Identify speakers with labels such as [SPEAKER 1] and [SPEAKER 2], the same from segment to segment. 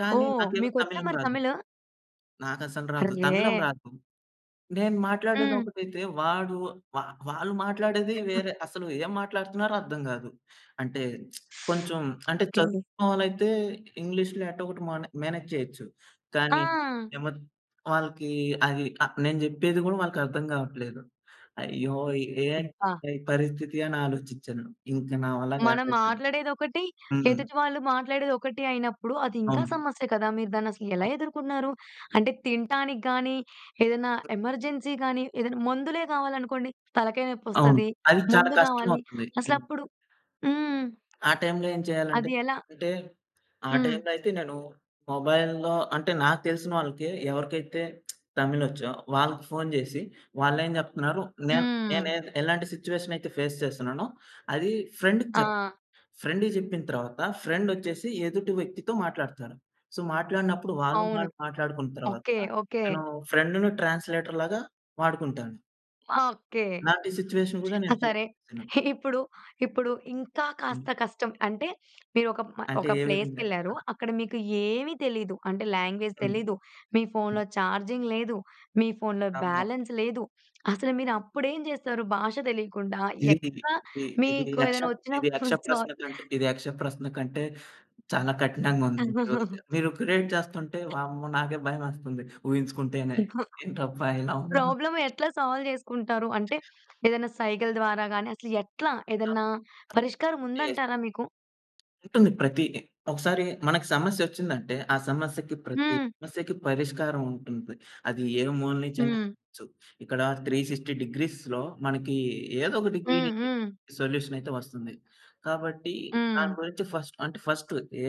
[SPEAKER 1] కానీ
[SPEAKER 2] ఓహ్!
[SPEAKER 1] నాకేమో
[SPEAKER 2] మీకొచ్చా
[SPEAKER 1] తమిళం
[SPEAKER 2] మరి
[SPEAKER 1] రాదు.
[SPEAKER 2] తమిలు?
[SPEAKER 1] నాకసలు రాదు. తమిళం
[SPEAKER 2] అర్రే!
[SPEAKER 1] రాదు. నేను
[SPEAKER 2] హ్మ్.
[SPEAKER 1] మాట్లాడేదొకటైతే, వాడు వా వాళ్ళు మాట్లాడేది వేరే అసలు ఏం మాట్లాడుతున్నారో అర్థం గాదు. అంటే కొంచెం అంటే
[SPEAKER 2] ఓకే.
[SPEAKER 1] చదువుకున్నవాలైతే, ఇంగ్లీష్‌లో ఎట్టా గొట్టా మనో మేనేజ్ చేయొచ్చు. కానీ
[SPEAKER 2] ఆ!
[SPEAKER 1] నేనేమో వాళ్ళకి అది ఆహ్, నేను జేప్పేది గూడా వాళ్ళకర్థం గావట్లేదు. అయ్యో! ఎ ఏంటి
[SPEAKER 2] అబ్బా!
[SPEAKER 1] ఈ పరిస్థితి అని ఆలోచిచ్చాను ఇంక నా వల్ల
[SPEAKER 2] మనం
[SPEAKER 1] గాలేపెయాను.
[SPEAKER 2] మాట్లాడేదొకటి,
[SPEAKER 1] హ్మ్.
[SPEAKER 2] ఎదుటి వాళ్ళు మాట్లాడేదొకటి అయినప్పుడు అది ఇంకా
[SPEAKER 1] అవును.
[SPEAKER 2] సమస్య కదా! మీరు దాన్ని అసలు ఎలా
[SPEAKER 1] అవ్
[SPEAKER 2] ఎదుకున్నారు? అంటే తినటానికి గాని, ఏదైనా ఎమర్జెన్సీ గాని ఏదైనా మందులే గావాలనుకోండి. తలకాయ నొప్పి
[SPEAKER 1] అవును.
[SPEAKER 2] ఒస్తది.
[SPEAKER 1] అది చాలా
[SPEAKER 2] మందు గావాలి
[SPEAKER 1] కష్టమవుతుంది.
[SPEAKER 2] అసలు
[SPEAKER 1] హ్మ్.
[SPEAKER 2] అప్పుడు హ్మ్.
[SPEAKER 1] ఆ టైమ్‌లో ఏం చేయాలంటే,
[SPEAKER 2] అది ఎలా?
[SPEAKER 1] అంటే ఆ
[SPEAKER 2] హ్మ్.
[SPEAKER 1] టైమ్‌లో అయితే నేను మొబైల్‌లో అంటే నాకు తెలిసిన వాళ్ళకే ఎవరికైతే తమిలోచ్చో వాళ్ళకి ఫోన్ జేసి, వాళ్ళేం జెప్తున్నారు నేను నేనె
[SPEAKER 2] హ్మ్.
[SPEAKER 1] ఎలాంటి సిట్యుయేషన్ అయితే ఫేస్ చేస్తున్నానో, అది ఫ్రెండ్‌కి జెప్
[SPEAKER 2] ఆ!
[SPEAKER 1] ఫ్రెండ్‌కి జేప్పిన తరువాత ఫ్రెండొచ్చేసి ఎదుటి వ్యక్తితో మాట్లాడతారు. సో, మాట్లాడినప్పుడు వాళ్ళు
[SPEAKER 2] అవును.
[SPEAKER 1] వాళ్ళు మాట్లాడుకున్న తర్వాత,
[SPEAKER 2] ఓకే. ఓకే.
[SPEAKER 1] నేను ఫ్రెండును ట్రాన్స్‌లేటర్‌లాగా వాడుకుంటాను.
[SPEAKER 2] ఆ! ఓకే.
[SPEAKER 1] ఇలాంటి సిట్యుయేషన్ గూడా
[SPEAKER 2] ఆ!
[SPEAKER 1] నేను ఫేస్
[SPEAKER 2] సరే,
[SPEAKER 1] చేశాను.
[SPEAKER 2] ఇప్పుడు ఇప్పుడు ఇంకా
[SPEAKER 1] హ్మ్.
[SPEAKER 2] కాస్త కష్టం. అంటే మీరు ఒక మ
[SPEAKER 1] అంటే
[SPEAKER 2] ఒక
[SPEAKER 1] ఏ విధంగా?
[SPEAKER 2] ప్లేస్‌కెళ్లారు
[SPEAKER 1] ఆ!
[SPEAKER 2] అక్కడ మీకు ఏమి తెలీదు అంటే లాంగ్వేజ్
[SPEAKER 1] హ్మ్.
[SPEAKER 2] తెలీదు, మీ
[SPEAKER 1] హ్మ్.
[SPEAKER 2] ఫోన్‌లో చార్జింగ్ లేదు, మీ ఫోన్‌లో
[SPEAKER 1] అమ్మో!
[SPEAKER 2] బ్యాలెన్స్ లేదు అసలు మీరు అప్పుడేం జేస్తారు? భాష తెలియకుండా
[SPEAKER 1] ఇది, ఇది,
[SPEAKER 2] ఎట్లా
[SPEAKER 1] ఇది, ఇది
[SPEAKER 2] మీకు
[SPEAKER 1] యక్ష
[SPEAKER 2] ఏదైనా వచ్చిన
[SPEAKER 1] ఇది యక్ష
[SPEAKER 2] ఫుల్ సొ
[SPEAKER 1] ప్రశ్నకంట్ ఇది యక్ష ప్రశ్న కంటే, చాలా కఠినంగా ఉంది. ఈరోజు ద మీరు క్రియేట్ చేస్తుంటే వామ్మో! నాకే భయమేస్తుంది. ఊహించుకుంటేనే
[SPEAKER 2] ఇంకా.
[SPEAKER 1] ఏంటబ్బా! ఇలా ఉనాన్న.
[SPEAKER 2] ప్రాబ్లమ్ ఎట్లా సాల్వ్ జేసుకుంటారు? అంటే ఏదైనా సైగల్ ద్వారా గాని, అసలు ఎట్లా
[SPEAKER 1] ఆ!
[SPEAKER 2] ఏదైనా పరిష్కారం
[SPEAKER 1] ఉంది.
[SPEAKER 2] ఉందంటారా మీకు?
[SPEAKER 1] ఉంటుంది. ప్రతిది ఒకసారి మనకు సమస్య ఒచ్చిందంటే, ఆ సమస్యకి ప్రతి
[SPEAKER 2] హ్మ్.
[SPEAKER 1] సమస్యకి పరిష్కారం ఉంటుంది. అది ఏ మూల నుంచి అయినా
[SPEAKER 2] హ్మ్.
[SPEAKER 1] కావచ్చు. ఇక్కడ 360 డిగ్రీస్‌లో మనకి ఏదో ఒక డిగ్రీ
[SPEAKER 2] హ్మ్.
[SPEAKER 1] నుంచి
[SPEAKER 2] హ్మ్.
[SPEAKER 1] సొల్యూషన్ అయితే వస్తుంది. కాబట్టి దాని
[SPEAKER 2] హ్మ్.
[SPEAKER 1] గురించి ఫస్ట్ అంటే ఫస్ట్ ఏ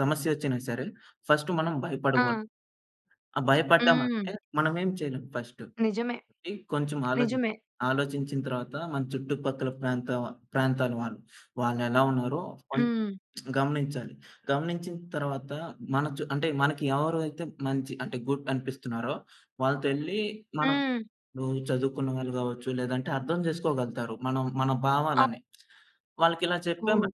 [SPEAKER 1] సమస్య ఒచ్చినా సరే, ఫస్ట్ మనం
[SPEAKER 2] ఆ!
[SPEAKER 1] భయపడగూడదు. ఆ
[SPEAKER 2] హ్మ్.
[SPEAKER 1] భయపడ్డామంటే, మనం ఏం చేయలేం ఫస్ట్.
[SPEAKER 2] నిజమే.
[SPEAKER 1] ఆగి కొంచెం ఆలో
[SPEAKER 2] నిజమే.
[SPEAKER 1] ఆలోచించిన తరువాత మన చుట్టుపక్కల ప్రాంత వ ప్రాంతాల వాళ్ళు వాళ్ళేలా ఉన్నారో కొంచేం
[SPEAKER 2] హ్మ్.
[SPEAKER 1] గమనించాలి. గమనించిన తరువాత మన చు అంటే మనకి ఎవరయితే మంచి అంటే గుడ్ అనిపిస్తున్నారో వాళ్ళతో ఎళ్లి మనం
[SPEAKER 2] హ్మ్.
[SPEAKER 1] ఇపుడు చదువుకున్న వాళ్ళు గావచ్చు, లేదంటే అర్థం జేసుకోగలుగుతారు. మనం మన
[SPEAKER 2] ఆ!
[SPEAKER 1] భావాలని వాళ్ళకి ఇలా చెప్పామను
[SPEAKER 2] అవును.